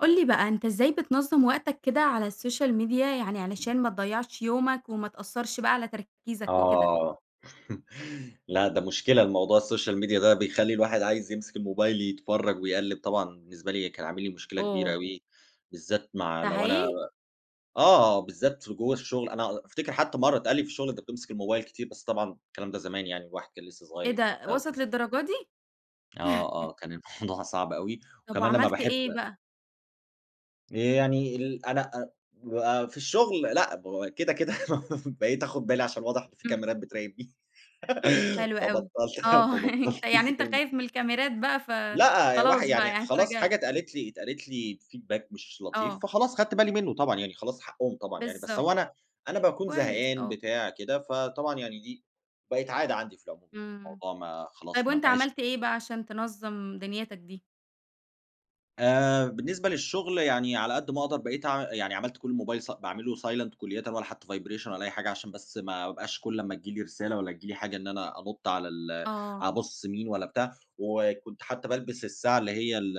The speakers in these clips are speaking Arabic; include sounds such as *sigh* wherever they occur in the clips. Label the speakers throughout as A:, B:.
A: قُل لي بقى، أنتَ إزاي بتنظم وقتك كده على الsocial media، يعني علشان ما تضيعِش يومك وما تأثِّرش بقى على تركيزك وكده؟
B: آه، *chuckles* لأ، ده مشكلة الموضوع الsocial media ده بيخلِّي الواحد عايِز يمسك الموبايل يتفرَّج ويقلِّب طبعًا، بالنسبة لي كان عامل لي مشكلة كبيرة
A: أوه!
B: أوي، بالذات مع
A: ده
B: لو أنا
A: حقيقي؟
B: آه، بالذات في جوّا الشغل، أنا على أفتكِر حتى مرَّة اتقال لي في الشغل: "أنتَ بتمسك الموبايل كتير." بس طبعًا الكلام ده زمان يعني، الواحد كان لسه
A: إيه
B: صغيِّر
A: ده!
B: وبتاع
A: وصلت
B: وكده.
A: للدرجة دي؟!
B: آه
A: *chuckles*
B: آه، كان الموضوع صعب أوي
A: طب
B: وكمان لمّا
A: وعملت
B: باحب
A: إيه بقى؟
B: آآ، يعني ال أنا أ هو في الشغل لأ، بو كده، كده *chuckles* بقيت آخُد بالي عشان واضح إن في
A: إمم.
B: كاميرات بتراقِبني، *laughs*
A: حلوة أوي،
B: فبطَّلت
A: آه، *chuckles*
B: فبطَّلت
A: أنتَ يعني
B: امسك
A: أنتَ
B: الم
A: خايِف من الكاميرات بقى،
B: لأ،
A: فخلاص
B: الواح
A: بقى،
B: يعني
A: يعني
B: خلاص،
A: اتراجعت.
B: حاجة اتقالت لي اتقالت لي feedback مش لطيف،
A: آه.
B: فخلاص، خدت بالي منُّه، طبعًا يعني، خلاص حقهم طبعًا يعني. بس هو
A: بالضبط.
B: أنا أنا باكون
A: كويس،
B: زهقان،
A: آه.
B: بتاع كده، فطبعًا يعني إيه، بقِت عادة عندي في العموم يعني،
A: إمم،
B: الموضوع ما
A: طيب
B: خلاص، ما
A: وأنتَ
B: بقاش
A: عملت إيه بقى عشان تنظّم دنيتك دي؟
B: آآ، بالنسبة للشغل يعني على قد ما أقدَر بقيت اع يعني عملت كل الموبايل س باعمله silent كُلّيةً ولا حتى vibration ولا أي حاجة، عشان بس ما أبقاش كل ما تيجي لي رسالة والّا تيجي لي حاجة إن أنا أنُطّ على ال
A: آه.
B: أبُص مين والّا بتاع. وكنت حتى بالبس الساعة اللي هي ال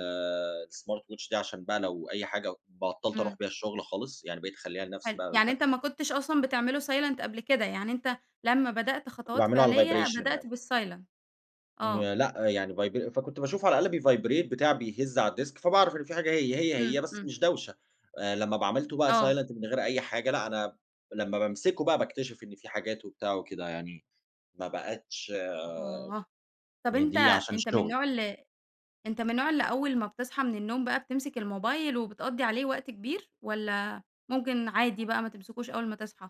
B: الsmart watch دي عشان بقى لو أي حاجة، و بطَّلت أرُوح
A: إمم.
B: بيها الشغل خالص، يعني بقيت اخلِّيها لنفسي
A: حلو،
B: بقى
A: يعني
B: وده
A: أنتَ ما كنتش أصلًا بتعمله silent قبل كده، يعني أنتَ لمّا بدأت
B: كنت
A: خطوات
B: باعمله على
A: فعلية
B: الvibration
A: بدأت
B: يعني.
A: بالsilent. آه.
B: ما لأ، يعني vibr فكنت باشوفه على الأقل بيvibrate، بتاع، بيهَز على الdesk، فباعرف إن في حاجة هي هي
A: إمم،
B: هي بس
A: إمم.
B: مش داوشة. آآ، لمّا ب عملته بقى
A: آه.
B: silent من غير أي حاجة، لأ أنا لمّا بامسِكه بقى باكتشف إن في حاجات وبتاع وكده، يعني ما بقِتش
A: آه، طب أنتَ
B: يضيع عشان
A: أنتَ من
B: الشغل.
A: النوع ال أنتَ من النوع اللي أول ما بتصحى من النوم بقى بتمسك الموبايل وبتقضِّي عليه وقت كبير، والّا ممكن عادي بقى، ما تمسكوش أول ما تصحى؟